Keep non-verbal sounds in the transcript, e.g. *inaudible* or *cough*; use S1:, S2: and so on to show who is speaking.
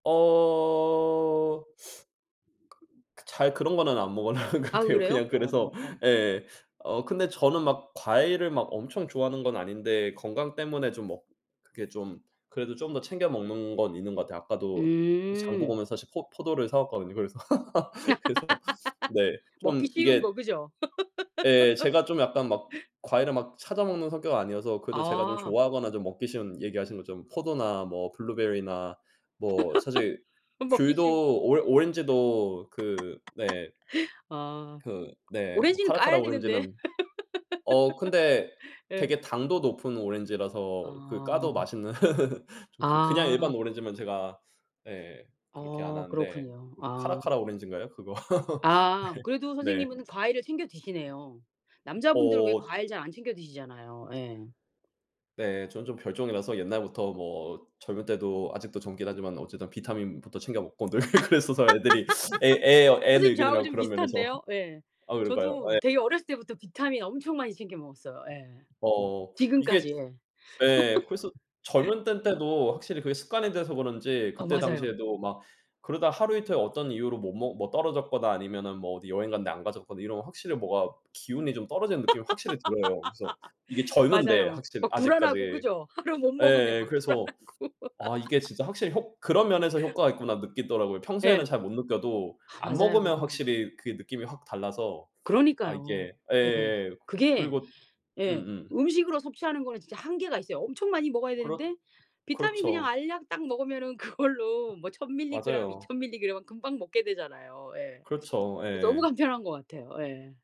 S1: 어. 잘 그런 거는 안 먹으려고 하는 것
S2: 아
S1: 같아요.
S2: 그래요?
S1: 그냥 그래서
S2: 어.
S1: 예. 어 근데 저는 막 과일을 엄청 좋아하는 건 아닌데 건강 때문에 좀 먹 그게 좀 그래도 좀 더 챙겨 먹는 건 있는 것 같아요. 아까도 그 장 보고
S2: 음.
S1: 오면서 사실 포 포도를 사 왔거든요 그래서. *laughs* 그래서 네
S2: *laughs*
S1: 좀
S2: 먹기 쉬운
S1: 이게
S2: 거 그죠?
S1: 예. 제가 좀 약간 막
S2: *laughs*
S1: 과일을 막 찾아 먹는 성격은 아니어서 그래도 제가 좀
S2: 아.
S1: 좋아하거나 좀 먹기 쉬운 얘기하신 것처럼 포도나 뭐 블루베리나 뭐 사실
S2: *laughs* 먹기 쉬운 거.
S1: 귤도 오 오렌지도 그 네.
S2: *laughs* 아.
S1: 그 네
S2: 오렌지는
S1: 카라카라
S2: 까야 되는데.
S1: 오렌지는 어 근데
S2: *laughs* 예.
S1: 되게 당도 높은 오렌지라서 그 까도
S2: 아.
S1: 맛있는 *laughs* 좀 그 그냥 일반
S2: 아.
S1: 오렌지면 제가 예 그렇게 안
S2: 어
S1: 하는데
S2: 그렇군요.
S1: 그
S2: 아.
S1: 카라카라 오렌지인가요? 그거.
S2: 아 그래도
S1: *laughs* 네. 네.
S2: 선생님은 과일을 챙겨 드시네요. 남자분들 왜
S1: 어.
S2: 과일 잘 안 챙겨 드시잖아요. 예.
S1: 네. 저는 좀 별종이라서 옛날부터 뭐 젊을 때도 아직도 젊긴 하지만 어쨌든 비타민부터 챙겨 먹고 늘 그랬어서 애들이 애 애
S2: *laughs* 선생님 저하고
S1: 애늙은이라고
S2: 좀
S1: 그런 면에서.
S2: 비슷한데요. 예.
S1: 아 그런가요?
S2: 저도
S1: 예.
S2: 되게 어렸을 때부터 비타민 엄청 많이 챙겨 먹었어요. 예.
S1: 어 이게
S2: 지금까지 예.
S1: 예 그래서
S2: *laughs*
S1: 젊을 때인데도 확실히 그게 습관이 돼서 그런지
S2: 어
S1: 그때
S2: 맞아요.
S1: 당시에도 막 그러다 하루 이틀 어떤 이유로 못 먹 뭐 떨어졌거나 아니면은 뭐 어디 여행 갔는데 안 가져갔거나 이러면 확실히 뭔가 기운이 좀 떨어지는
S2: *laughs*
S1: 느낌이 확실히 들어요. 그래서 이게 젊은데
S2: 맞아요.
S1: 확실히
S2: 막 불안하고
S1: 아직까지.
S2: 그죠? 하루 못 먹으면
S1: 예
S2: 막
S1: 그래서
S2: 불안하고.
S1: 아 이게 진짜 확실히 효 '그런 면에서 효과가
S2: *laughs*
S1: 있구나.' 느끼더라고요. 평소에는
S2: 예.
S1: 잘 못 느껴도
S2: 아
S1: 안
S2: 맞아요.
S1: 먹으면 확실히 그게 느낌이 확 달라서 아
S2: 그러니까요.
S1: 이게
S2: 예.
S1: 예예예.
S2: 그게
S1: 그리고
S2: 예.
S1: 음음.
S2: 음식으로 섭취하는 거는 진짜 한계가 있어요. 엄청 많이 먹어야
S1: 그렇
S2: 되는데 비타민 그냥
S1: 그렇죠.
S2: 알약 딱 먹으면은 그걸로 뭐 1000 밀리그램
S1: 맞아요.
S2: 2000 밀리그램 금방 먹게 되잖아요. 예.
S1: 그렇죠.
S2: 그래서 너무
S1: 예.
S2: 간편한 것 같아요. 예.